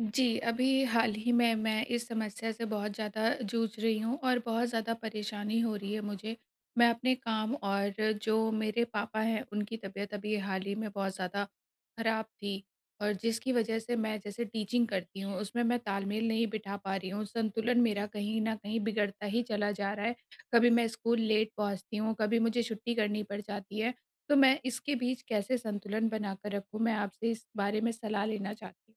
जी, अभी हाल ही में मैं इस समस्या से बहुत ज़्यादा जूझ रही हूँ और बहुत ज़्यादा परेशानी हो रही है मुझे। मैं अपने काम और जो मेरे पापा हैं उनकी तबीयत अभी हाल ही में बहुत ज़्यादा ख़राब थी और जिसकी वजह से मैं जैसे टीचिंग करती हूँ उसमें मैं तालमेल नहीं बिठा पा रही हूँ संतुलन मेरा कहीं न कहीं बिगड़ता ही चला जा रहा है। कभी मैं स्कूल लेट पहुँचती हूँ कभी मुझे छुट्टी करनी पड़ जाती है। तो मैं इसके बीच कैसे संतुलन बना कर रखूँ? मैं आपसे इस बारे में सलाह लेना चाहती हूँ।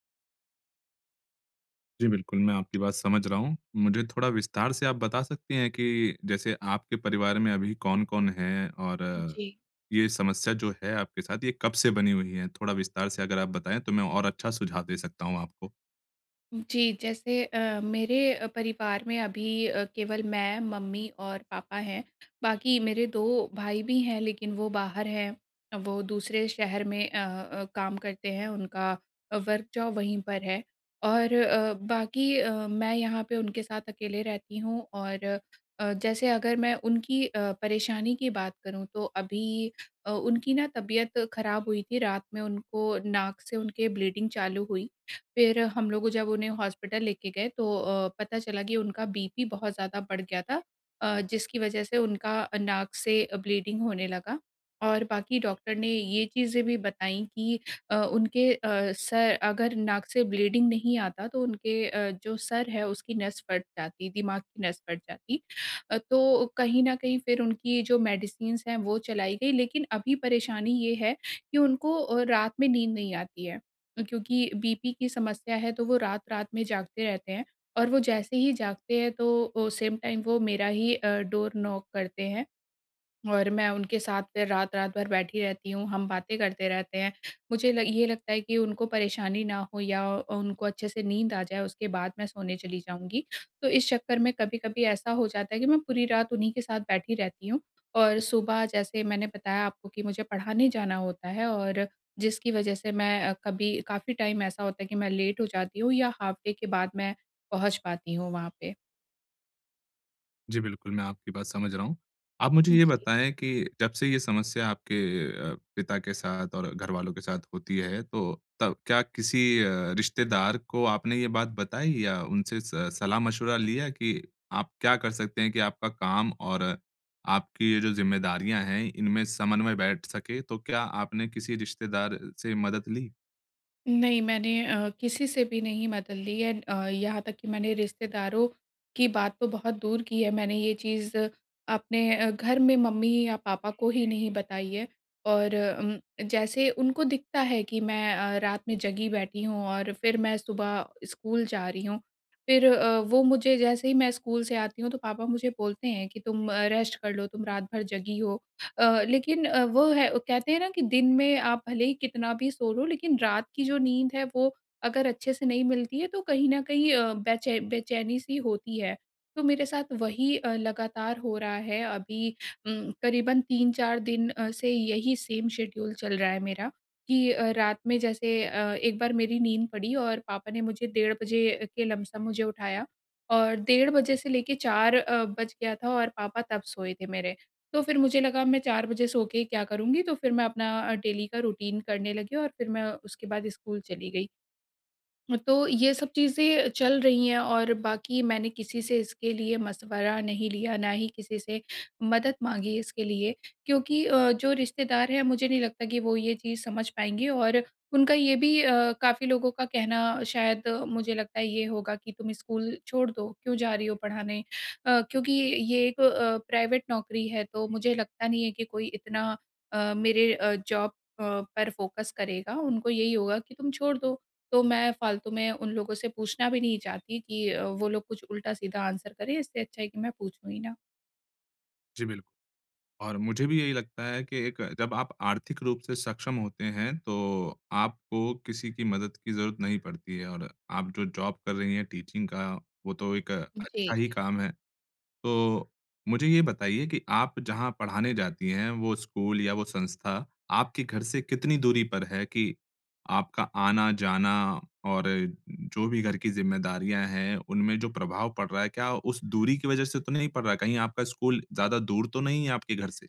जी बिल्कुल। मैं आपकी बात समझ रहा हूँ। मुझे थोड़ा विस्तार से आप बता सकती हैं कि जैसे आपके परिवार में अभी कौन-कौन है और जी। ये समस्या जो है आपके साथ ये कब से बनी हुई है? थोड़ा विस्तार से अगर आप बताएँ तो मैं और अच्छा सुझाव दे सकता हूँ आपको। जी, जैसे अ, मेरे अ, परिवार में अभी अ, केवल मैं, मम्मी और पापा हैं बाकी मेरे 2 भाई भी हैं लेक़िन वो बाहर हैं। वो दूसरे शहर में अ अ, काम करते हैं उनका वर्क जॉब वहीं पर है। और अ, बाकी अ, मैं यहाँ पे उनके साथ अकेले रहती हूँ और अ, जैसे अगर मैं उनकी अ, परेशानी की बात करूँ तो अभी अ, उनकी ना तबीयत ख़राब हुई थी। रात में उनको नाक से उनके ब्लीडिंग चालू हुई। फ़िर हम लोग जब उन्हें हॉस्पिटल लेके गए तो अ, पता चला कि उनका बीपी बहुत ज़्यादा बढ़ गया था, अ, जिसकी वजह से उनका नाक से ब्लीडिंग होने लगा। और बाकी डॉक्टर ने ये चीज़ें भी बताई कि अ, उनके अ, सर अगर नाक से ब्लीडिंग नहीं आता तो उनके अ, जो सर है उसकी नस फट जाती, दिमाग की नस फट जाती। अ, तो कहीं न कहीं फ़िर उनकी जो मेडिसिन्स हैं वो चलाई गई लेक़िन अभी परेशानी ये है कि उनको अ, रात में नींद नहीं आती है। क्योंकि बीपी की समस्या है तो वो रात-रात में जागते रहते हैं और वो जैसे ही जागते हैं तो अ, सेम टाइम वो मेरा ही अ, डोर नॉक करते हैं। और मैं उनके साथ फ़िर रात-रात भर बैठी रहती हूँ हम बातें करते रहते हैं। मुझे ल ये लगता है कि उनको परेशानी ना हो या अ, उनको अच्छे से नींद आ जाए उसके बाद मैं सोने चली जाऊँगी। तो इस चक्कर में कभी-कभी ऐसा हो जाता है कि मैं पूरी रात उन्हीं के साथ बैठी रहती हूँ और सुबह जैसे मैंने बताया आपको कि मुझे पढ़ाने जाना होता है और जिसकी वजह से मैं अ, कभी काफ़ी टाइम ऐसा होता है कि मैं लेट हो जाती हूँ या हाल्फ़ डे के बाद मैं पहुँच पाती हूँ वहाँ पे। जी, बिल्कुल मैं आपकी बात समझ रहा हूँ। आप मुझे ये जी। बताएँ कि जब से ये समस्या आपके अ, पिता के साथ और घरवालों के साथ होती है, तो तब क्या किसी अ, रिश्तेदार को आपने ये बात बताई या उनसे स सलाह-मशविरा लिया कि आप क्या कर सकते हैं कि आपका काम और आपकी ये जो जिम्मेदारियाँ हैं इनमें समन्वय बैठ सके? तो क्या आपने किसी रिश्तेदार से मदद ली? नहीं मैंने अ, किसी से भी नहीं मदद ली है अ, यहाँ तक कि मैंने रिश्तेदारों की बात तो बहुत दूर की है मैंने ये चीज़ अपने अ, घर में मम्मी या पापा को ही नहीं बताई है। और उम, जैसे उनको दिखता है कि मैं अ, रात में जगी बैठी हूँ और फिर मैं सुबह स्कूल जा रही हूँ। फिर अ, वो मुझे जैसे ही मैं स्कूल से आती हूँ, तो पापा मुझे बोलते हैं कि, "तुम अ, रेस्ट कर लो, तुम रात भर जगी हो।" अ, लेकिन अ, वो है कहते हैं ना कि दिन में आप भले ही कितना भी सो लो, लेकिन रात की जो नींद है वो अगर अच्छे से नहीं मिलती है तो कहीं न कहीं अ, बेचै बेचैनी सी होती है। तो मेरे साथ वही अ, लगातार हो रहा है अभी उम, करीबन 3-4 दिन अ, से यही सेम शेड्यूल चल रहा है मेरा कि अ, रात में जैसे अ, एक बार मेरी नींद पड़ी और पापा ने मुझे डेढ़ बजे के लमसम मुझे उठाया। और डेढ़ बजे से लेके 4 अ, बज गया था और पापा तब सोए थे मेरे। तो फिर मुझे लगा मैं 4 बजे सो के क्या करुँगी? तो फिर मैं अपना अ, डेली का रूटीन करने लगी और फिर मैं उसके बाद स्कूल चली गई। अ, तो ये सब चीज़ें चल रही हैं और बाकी मैंने किसी से इसके लिए मशवरा नहीं लिया, ना ही किसी से मदद माँगी इसके लिए, क्योंकि अ, जो रिश्तेदार हैं, मुझे नहीं लगता कि वो ये चीज़ समझ पाएँगे। और उनका ये भी अ, काफ़ी लोगों का कहना शायद मुझे लगता है ये होगा कि तुम स्कूल छोड़ दो। क्यों जा रही हो पढ़ाने? अ, क्योंकि ये एक अ, प्राइवेट नौकरी है तो मुझे लगता नहीं है कि कोई इतना अ, मेरे अ, जॉब अ, पर फोकस करेगा, उनको यही होगा कि तुम छोड़ दो। तो मैं फ़ालतू में उन लोगों से पूछना भी नहीं चाहती कि अ, वो लोग कुछ उल्टा-सीधा आंसर करें इससे अच्छा है कि मैं पूछूँ ही ना। जी बिल और मुझे भी यही लगता है कि एक, जब आप आर्थिक रूप से सक्षम होते हैं, तो आपको किसी की मदद की ज़रूरत नहीं पड़ती है और आप जो जॉब कर रही हैं, टीचिंग का, वो तो एक उम, जी। अच्छा ही काम है। तो मुझे ये बताइए कि आप जहाँ पढ़ाने जाती हैं, वो स्कूल या वो संस्था आपके घर से कितनी दूरी पर है कि आपका आना-जाना और जो भी घर की ज़िम्मेदारियाँ हैं, उनमें जो प्रभाव पड़ रहा है, क्या उस दूरी की वजह से तो नहीं पड़ रहा है? कहीं आपका स्कूल ज़्यादा दूर तो नहीं है, आपके घर से?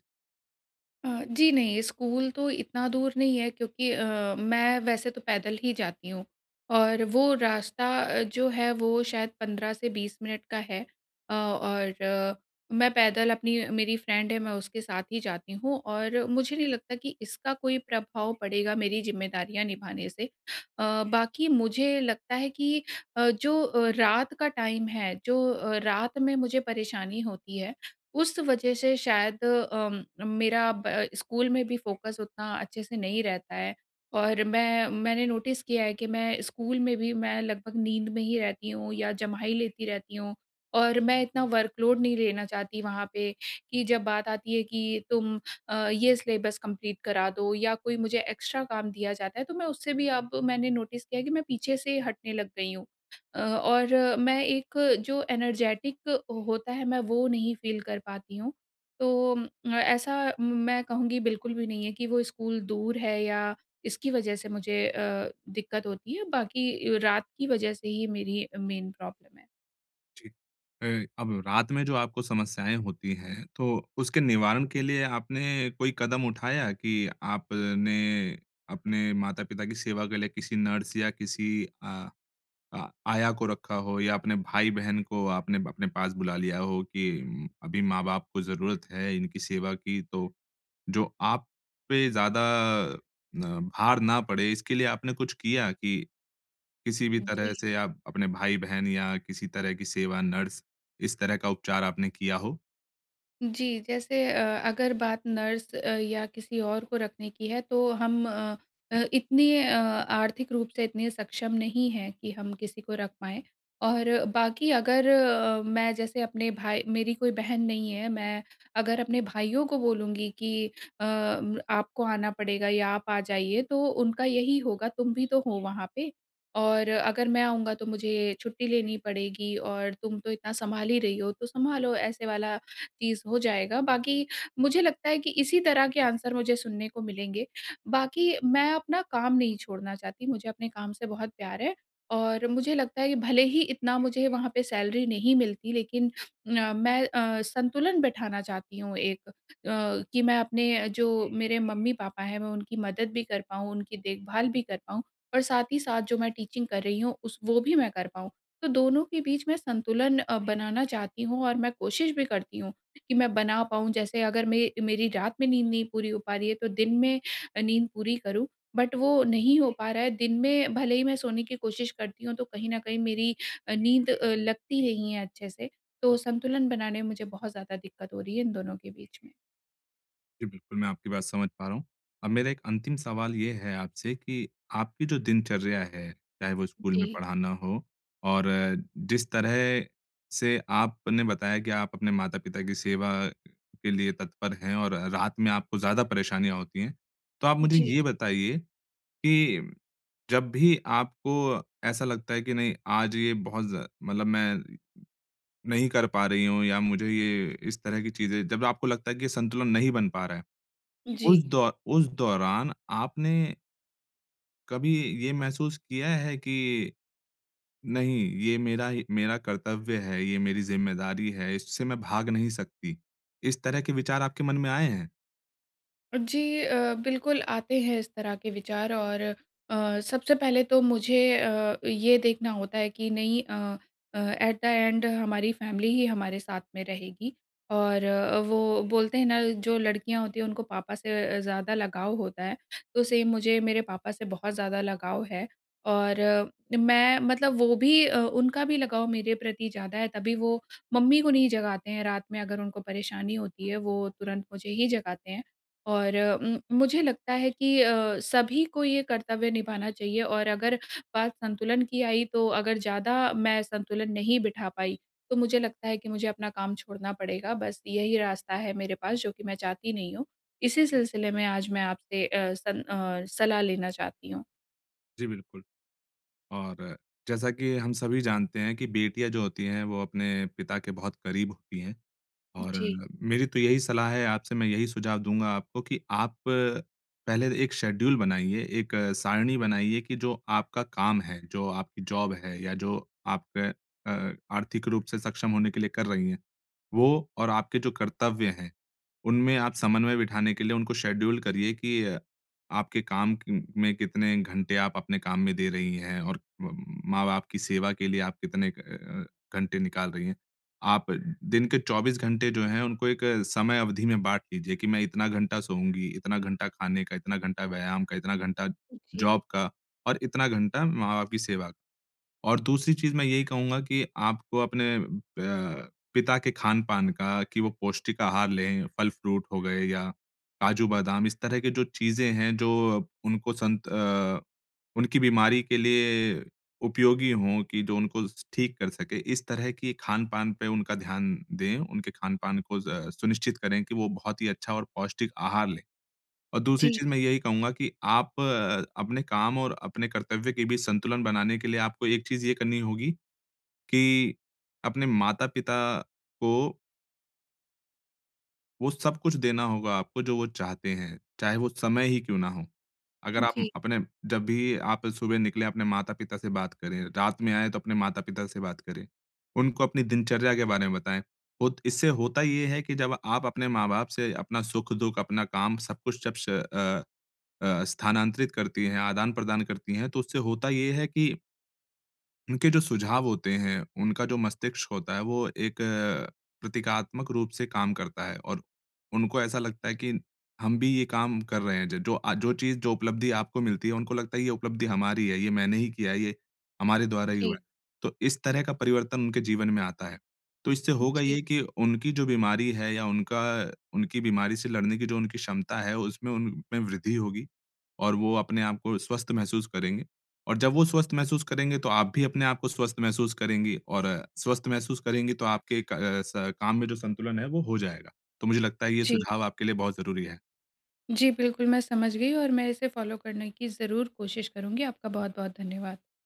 अ, जी, नहीं, स्कूल तो इतना दूर नहीं है, क्योंकि अ, मैं वैसे तो पैदल ही जाती हूँ, और वो रास्ता अ, जो है, वो शायद 15 से 20 मिनट का है। अ, और मैं पैदल, अपनी मेरी फ्रेंड है, मैं उसके साथ ही जाती हूँ, और मुझे नहीं लगता कि इसका कोई प्रभाव पड़ेगा, मेरी ज़िम्मेदारियाँ निभाने से। अ, बाकी मुझे लगता है कि अ, जो अ, रात का टाइम है, जो अ, रात में मुझे परेशानी होती है, उस वजह से शायद अम, मेरा अब अ, स्कूल में भी फ़ोकस उतना अच्छे से नहीं रहता है। और मैं मैंने नोटिस किया है कि मैं स्कूल में भी मैं लगभग नींद में ही रहती हूँ, या जम्हाई लेती रहती हूँ, और मैं इतना वर्क लोड नहीं लेना चाहती वहाँ पे, कि जब बात आती है कि, "तुम अ, ये सिलेबस कम्पलीट करा दो।" या कोई मुझे एक्स्ट्रा काम दिया जाता है, तो मैं उससे भी अब, मैंने नोटिस किया है कि मैं पीछे से हटने लग गई हूँ। अ, और मैं एक जो एनर्जेटिक होता है, मैं वो नहीं फ़ील कर पाती हूँ। तो उम, ऐसा म मैं कहूँगी, बिल्कुल भी नहीं है कि वो स्कूल दूर है या इसकी वजह से मुझे अ, दिक्कत होती है बाकी अ, रात की वजह से ही मेरी अ, मेन प्रॉब्लम है। जी। अ, अब रात में जो आपको समस्याएँ होती हैं तो उसके निवारण के लिए आपने कोई कदम उठाया कि आपने, अपने माता-पिता की सेवा के लिए किसी नर्स या किसी अ अ, आया को रखा हो या अपने भाई-बहन को आपने अपने पास बुला लिया हो कि अभी माँ-बाप को ज़रूरत है इनकी सेवा की। तो जो आप पे ज़्यादा अ, भार ना पड़े इसके लिए आपने कुछ किया? कि किसी भी तरह जी। से आप अपने भाई-बहन या किसी तरह की सेवा नर्स इस तरह का उपचार आपने किया हो? जी, जैसे अ, अगर बात नर्स अ, या किसी और को रखने की है तो हम अ अ, इतने अ, आर्थिक रूप से इतने सक्षम नहीं हैं कि हम किसी को रख पाएँ। और बाकी अगर अ, मैं जैसे अपने भाई मेरी कोई बहन नहीं है, मैं अगर अपने भाइयों को बोलूँगी कि अ, आपको आना पड़ेगा या आप आ जाइए तो उनका यही होगा तुम भी तो हो वहाँ पे और अगर मैं आऊँगा तो मुझे छुट्टी लेनी पड़ेगी और तुम तो इतना सँभाल ही रही हो तो सँभालो ऐसे वाला चीज़ हो जाएगा। बाकी मुझे लगता है कि इसी तरह के आंसर मुझे सुनने को मिलेंगे। बाकी मैं अपना काम नहीं छोड़ना चाहती। मुझे अपने काम से बहुत प्यार है और मुझे लगता है कि भले ही इतना मुझे वहाँ पे सैलरी नहीं मिलती, लेक़िन अ, मैं अ, संतुलन बैठाना चाहती हूँ एक अ, कि मैं अपने जो मेरे मम्मी-पापा हैं, मैं उनकी मदद भी कर पाऊँ उनकी देखभाल भी कर पाऊँ और साथ ही साथ जो मैं टीचिंग कर रही हूँ उस वो भी मैं कर पाऊँ तो दोनों के बीच में संतुलन अ, बनाना चाहती हूँ। और मैं कोशिश भी करती हूँ कि मैं बना पाऊँ जैसे अगर मेरी मेरी रात में नींद नहीं पूरी हो पा रही है तो दिन में अ, नींद पूरी करूँ बट वो नहीं हो पा रहा है दिन में भले ही मैं सोने की कोशिश करती हूँ तो कहीं न कहीं मेरी अ, नींद अ, लगती नहीं है अच्छे से तो संतुलन बनाने में मुझे बहुत ज़्यादा दिक़्क़त हो रही है इन दोनों के बीच में। जी, बिल्कुल मैं आपकी बात समझ पा रहा हूँ, अब मेरा एक अंतिम सवाल ये है आपसे कि आपकी जो दिनचर्या है, चाहे वो स्कूल में जी। पढ़ाना हो, और जिस तरह से आपने बताया कि आप अपने माता-पिता की सेवा के लिए तत्पर है और रात में आपको ज़्यादा परेशानियाँ होती हैं। तो आप मुझे जी। ये बताइए, कि जब भी आपको ऐसा लगता है कि नहीं, आज ये बहुत ज़ मतलब मैं नहीं कर पा रही हूँ या मुझे ये इस तरह की चीज़ें जब आपको लगता है कि ये संतुलन नहीं बन पा रहा है। उस जी। दौ उस दौरान आपने कभी इ ये महसूस किया है कि, नहीं ये मेरा ही मेरा कर्तव्य है, ये मेरी ज़िम्मेदारी है, इससे मैं भाग नहीं सकती। इस तरह के विचार आपके मन में आए हैं? जी अ, बिल्कुल आते हैं इस तरह के विचार और अ, सबसे पहले तो मुझे अ, ये देखना होता है कि नहीं अ अ, एट द एंड हमारी फैमिली ही हमारे साथ में रहेगी। और अ, वो बोलते हैं ना जो लड़कियाँ होती हैं उनको पापा से अ, ज़्यादा लगाव होता है, तो सेम मुझे मेरे पापा से बहुत ज़्यादा लगाव है। और अ, मैं मतलब वो भी अ, उनका भी लगाव मेरे प्रति ज़्यादा है तभी वो मम्मी को नहीं जगाते हैं रात में अगर उनको परेशानी होती है, वो तुरंत मुझे ही जगाते हैं। और उम, मुझे लगता है कि अ, सभी को ये कर्तव्य निभाना चाहिए और अगर बात संतुलन की आई, तो अगर ज़्यादा मैं संतुलन नहीं बिठा पाई, तो मुझे लगता है कि मुझे अपना काम छोड़ना पड़ेगा, बस यही रास्ता है मेरे पास जो कि मैं चाहती नहीं हूँ। इसी सिलसिले में आज मैं आपसे अ, सन अ, सलाह लेना चाहती हूँ। जी, बिल्कुल। और जैसा कि हम सभी जानते हैं कि बेटियाँ जो होती हैं, वो अपने पिता के बहुत करीब होती हैं और जी। मेरी तो यही सलाह है आपसे, मैं यही सुझाव दूँगा आपको कि आप पहले एक शेड्यूल बनाइए, एक सारणी बनाइए कि जो आपका काम है, जो आपकी जॉब है, या जो आपका अ, आर्थिक रूप से सक्षम होने के लिए कर रही हैं, वो और आपके जो कर्तव्य हैं, उनमें आप समन्वय बिठाने के लिए उनको शेड्यूल करिए कि अ, आपके काम की म में कितने घंटे आप अपने काम में दे रही हैं और मम माँ-बाप की सेवा के लिए आप कितने क अ अ, घंटे निकाल रही हैं। आप दिन के 24 घंटे जो हैं, उनको एक समय अवधि में बाँट लीजिए कि, मैं इतना घंटा सोऊँगी, इतना घंटा खाने का, इतना घंटा व्यायाम का, इतना घंटा जी। जॉब का, और इतना घंटा माँ-बाप की सेवा। और दूसरी चीज़ मैं यही कहूँगा कि आपको अपने प पिता के खान-पान का, कि वो पौष्टिक आहार लें, फल फ्रूट हो गए या काजू-बादाम, इस तरह की जो चीज़ें हैं, जो उनको संत अ, उनकी बीमारी के लिए उपयोगी हों कि जो उनको स ठीक कर सकें, इस तरह की खान-पान पे उनका ध्यान दें। उनके खान-पान को ज़ सुनिश्चित करें कि वो बहुत ही अच्छा और पौष्टिक आहार लें। और दूसरी जी। चीज़ मैं यही कहूँगा कि आप अ, अपने काम और अपने कर्तव्य के बीच संतुलन बनाने के लिए आपको एक चीज़ ये करनी होगी, कि अपने माता-पिता को वो सब कुछ देना होगा आपको जो वो चाहते हैं, चाहे वो समय ही क्यों ना हो? अगर आप उम, जी। अपने जब भी आप सुबह निकले अपने माता-पिता से बात करें, रात में आए तो अपने माता-पिता से बात करें। उनको अपनी दिनचर्या के बारे में बताएँ, होत इससे होता ये है कि जब आप अपने माँ-बाप से अपना सुख, दुःख, अपना काम, सब कुछ जब श अ अ, स्थानांतरित करती है, आदान-प्रदान करती हैं, तो उससे होता ये है कि उनके जो सुझाव होते हैं, उनका जो मस्तिष्क होता है, वो एक प्रतीकात्मक रूप से काम करता है और उनको ऐसा लगता है कि हम भी ये काम कर रहे हैं, ज जो आ जो चीज़, जो उपलब्धि आपको मिलती है उनको लगता है कि ये उपलब्धि हमारी है, ये मैंने ही किया है, ये हमारे द्वारा ही हुआ जी। है। तो इस तरह का परिवर्तन उनके जीवन में आता है, तो इससे होगा जी। ये कि उनकी जो बीमारी है या उनका उनकी बीमारी से लड़ने की जो उनकी क्षमता है, उसमें उनमें वृद्धि होगी, और वो अपने आपको स्वस्थ महसूस करेंगे। और जब वो स्वस्थ महसूस करेंगे, तो आप भी अपने आपको स्वस्थ महसूस करेंगी और स्वस्थ महसूस करेंगी तो आपके क अ, स काम में जो संतुलन है, वो हो जाएगा। तो मुझे लगता है ये जी। सुझाव आपके लिए बहुत ज़रूरी है। जी, बिल्कुल मैं समझ गई और मैं इसे फॉलो करने की ज़रूर कोशिश करुँगी। आपका बहुत-बहुत धन्यवाद।